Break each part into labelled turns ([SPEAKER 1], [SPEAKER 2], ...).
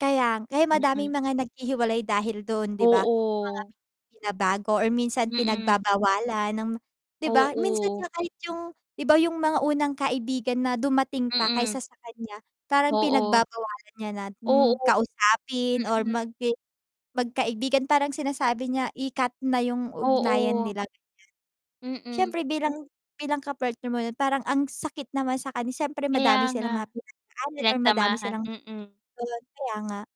[SPEAKER 1] Kaya nga, kaya madaming
[SPEAKER 2] Mm.
[SPEAKER 1] mga naghihiwalay dahil dun 'di ba? Yung mga
[SPEAKER 2] Oo.
[SPEAKER 1] binabago or minsan
[SPEAKER 2] Mm.
[SPEAKER 1] pinagbabawalan ng 'di ba, minsan
[SPEAKER 2] Oo.
[SPEAKER 1] nga kahit yung 'di ba yung mga unang kaibigan na dumating pa kaysa
[SPEAKER 2] Mm.
[SPEAKER 1] sa kanya parang
[SPEAKER 2] Oo.
[SPEAKER 1] pinagbabawalan niya na, hmm,
[SPEAKER 2] Oo.
[SPEAKER 1] kausapin or
[SPEAKER 2] Mm.
[SPEAKER 1] mag magkaibigan parang sinasabi niya i-cut na yung ugnayan
[SPEAKER 2] Oo.
[SPEAKER 1] nila, ganyan.
[SPEAKER 2] Mm.
[SPEAKER 1] Siyempre bilang bilang ka-partner mo parang ang sakit naman sa kanya siyempre
[SPEAKER 2] Kaya
[SPEAKER 1] madami
[SPEAKER 2] nga
[SPEAKER 1] silang mga pinagdadaanan or madami
[SPEAKER 2] pinagsamahan,
[SPEAKER 1] silang
[SPEAKER 2] mm.
[SPEAKER 1] kaya nga.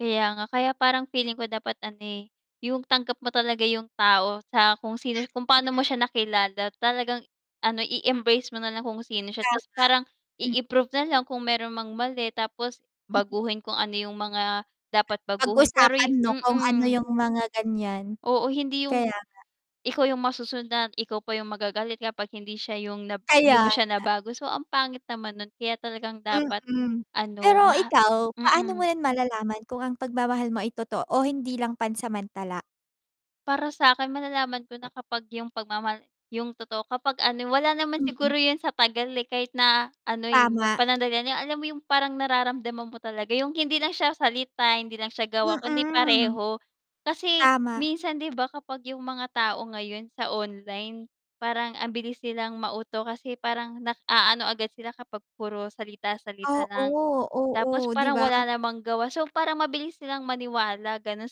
[SPEAKER 2] Kaya nga, kaya parang feeling ko dapat ano eh, yung tanggap mo talaga yung tao sa kung sino kung
[SPEAKER 1] Mm.
[SPEAKER 2] paano mo siya nakilala talagang ano i-embrace mo nalang kung sino siya
[SPEAKER 1] Tama,
[SPEAKER 2] tapos parang
[SPEAKER 1] hmm.
[SPEAKER 2] i-improve na lang kung meron mang mali tapos baguhin kung ano yung mga dapat baguhin, pero
[SPEAKER 1] Pag-usapan 'no kung ano
[SPEAKER 2] mm.
[SPEAKER 1] yung mga ganyan,
[SPEAKER 2] Oo, hindi yung
[SPEAKER 1] kaya nga.
[SPEAKER 2] ikaw yung masusundan at ikaw pa yung magagalit kapag hindi siya yung na 'di
[SPEAKER 1] Kaya
[SPEAKER 2] mo siya
[SPEAKER 1] nga.
[SPEAKER 2] nabago so ang pangit naman nun kaya talagang dapat
[SPEAKER 1] Mm.
[SPEAKER 2] ano
[SPEAKER 1] pero
[SPEAKER 2] ba
[SPEAKER 1] ikaw paano mo
[SPEAKER 2] mm.
[SPEAKER 1] malalaman kung ang pagmamahal mo ay totoo o hindi lang pansamantala?
[SPEAKER 2] Para sakin, malalaman ko na kapag yung pagmamahal yung totoo, kapag ano wala naman
[SPEAKER 1] Mm.
[SPEAKER 2] siguro yun sa tagal eh, kahit na ano'y
[SPEAKER 1] Tama.
[SPEAKER 2] panandalian alam mo yung parang nararamdaman mo talaga yung hindi lang siya salita, hindi lang siya gawa, kundi
[SPEAKER 1] Mm,
[SPEAKER 2] pareho. Kasi
[SPEAKER 1] tama.
[SPEAKER 2] minsan 'di ba kapag yung mga tao ngayon sa online parang ang bilis nilang mauto kasi parang nag-aano agad sila kapag puro salita, salita lang.
[SPEAKER 1] Oo,
[SPEAKER 2] Tapos
[SPEAKER 1] oo 'di
[SPEAKER 2] parang
[SPEAKER 1] ba?
[SPEAKER 2] wala namang gawa so parang mabilis silang maniwala ganon.